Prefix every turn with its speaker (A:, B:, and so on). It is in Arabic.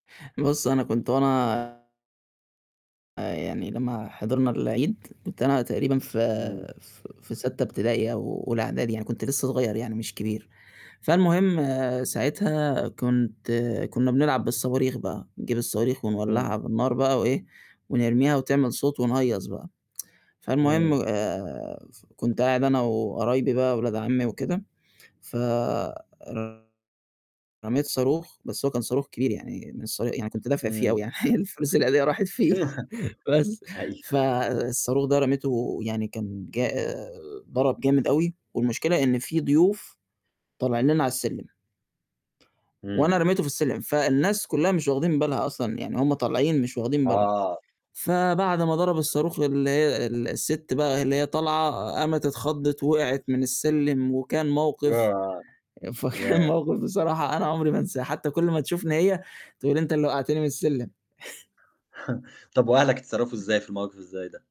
A: بُصّ أنا كنت وأنا آآ، يعني لمّا حضرنا العيد كنت أنا تقريبًا في
B: إمم.
A: آآ، ف ف في سادسة ابتدائي أو أولى إعدادي يعني كنت لسه صغيّر يعني مش كبير، فالمهم ساعتها كنت كنّا بنلعب بالصواريخ بقى نجيب الصواريخ ونولّعها
B: إمم.
A: بالنار بقى وإيه، ونرميها وتعمل صوت ونهيّص بقى، فالمهم
B: إمم.
A: آآ، ف كنت قاعد أنا وقرايبي بقى ولاد عمي وكده، ف ر رميت صاروخ بس هو كان صاروخ كبير يعني من الصوا يعني كنت دافع فيه أوي
B: إمم.
A: يعني، حرفيًا فلوس العيديّة راحت فيه بس ف
B: أيوه.
A: آآ الصاروخ ده رميتُه يعني كان ج آآ، ضَرَب جامد أوي والمشكلة إن في ضيوف طالعين لنا على السلّم وأنا
B: إمم.
A: رميتُه في السلّم، فالناس كُلّها مش واخدين بالها أصلًا، يعني هم طالعين مش واخدين بالهُم،
B: آه.
A: فبعد ما ضَرَب الصاروخ واللي هي السِت بقى اللي هي طالعة قامت اتخضِّت ووقعت من السلّم وكان موقِف
B: ياه،
A: فكان
B: ياه!
A: موقِف بصراحة أنا عُمري ما انساه، حتى كُلّ ما تشوفني هي تقول لي: "أنت اللي وقّعتني من السلّم."
B: طَب وأهلك اتصرّفوا إزاي في الموقِف اللي زي ده؟